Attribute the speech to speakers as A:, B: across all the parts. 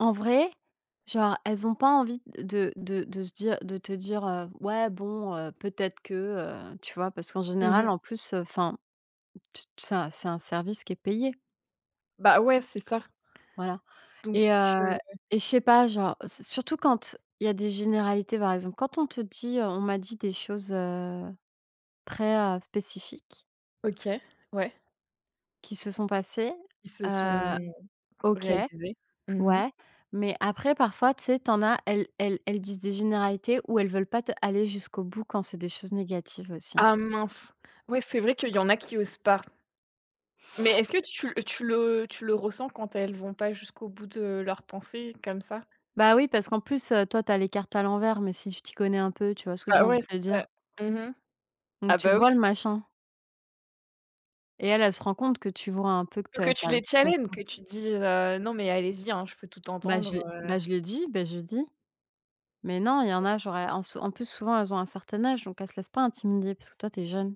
A: En vrai, genre, elles ont pas envie de de de se dire de te dire, heu: «Ouais, bon, heu, peut-être que», heu, tu vois? Parce qu'en
B: Mmh
A: général,
B: mh.
A: en plus, heu, enfin, tu t ça, c'est un service qui est payé.
B: Bah, ouais, c'est ça.
A: Voilà
B: Donc
A: et heu
B: heu
A: et je sais pas, genre, c'est surtout quand il y a des généralités, par exemple, quand on te dit: «On m'a dit des choses, heu, très, heu, spécifiques»
B: OK, ouais.
A: «qui se sont passées»,
B: Ils se sont
A: heu, OK,
B: réalisés. Mmh mh.
A: ouais. Mais après, parfois, tu sais, tu en as, elles elles, elles disent des généralités où elles veulent pas t aller jusqu'au bout quand c'est des choses négatives aussi, hein.
B: Ah, mince! Ouais, c'est vrai qu'il y en a qui osent pas. Mais est-ce que tu l tu le tu le ressens quand elles vont pas jusqu'au bout de leurs pensées comme ça?
A: Bah, oui, parce qu'en plus, heu, toi, tu as les cartes à l'envers, mais si tu t'y connais un peu, tu vois, ce que j'ai
B: Ah,
A: envie
B: ouais,
A: de te
B: c'est
A: dire?
B: ça. Mmh mh.
A: Donc
B: Ah,
A: tu le
B: bah, oui.
A: vois, le machin et elle, elle se rend compte que tu vois un peu que
B: Il faut
A: tu
B: que
A: as tu
B: tu
A: as tu
B: les challenges,
A: comprends.
B: que tu dises, heu: «Non mais allez-y, hein, je peux tout
A: Bah, je
B: entendre,
A: l'ai
B: heu»
A: bah, je l'ai dit, bah, je l'ai dit. Mais non, il y en
B: [unintelligible]
A: a, genre, elles en s en plus, souvent, elles ont un certain âge, donc elles se laissent pas intimider parce que toi, tu es jeune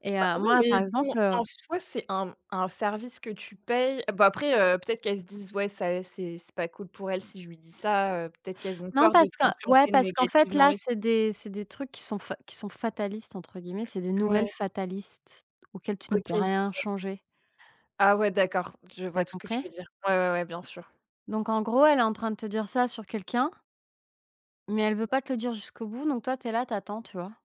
A: et
B: Bah,
A: heu,
B: oui
A: moi, par
B: mais bon,
A: exemple, heu
B: en soi, c'est un, mmh, un service que tu payes Bon, après, heu, peut-être qu'elles se disent: «Ouais, ça, c'est c'est pas cool pour elle, si je lui dis, ça, heu» peut-être qu'elles ont
A: Non,
B: peur de
A: parce que ouais,
B: t'influencer
A: parce qu'en fait,
B: négativement
A: là,
B: aussi.
A: c'est des c'est des trucs qui sont f qui sont «fatalistes», entre guillemets, c'est des
B: Mmh. Ouais.
A: nouvelles fatalistes auxquelles tu ne
B: OK.
A: peux
B: Je
A: rien
B: vois.
A: changer.
B: Ah, ouais, d'accord. Je
A: Tu as
B: vois tout ce que tu
A: compris?
B: veux dire. Ouais, ouais, ouais, bien sûr.
A: Donc en gros, elle est en train de te dire ça sur quelqu'un mais elle veut pas te le
B: [unintelligible]
A: dire jusqu'au bout donc toi, tu es là, tu attends, tu vois?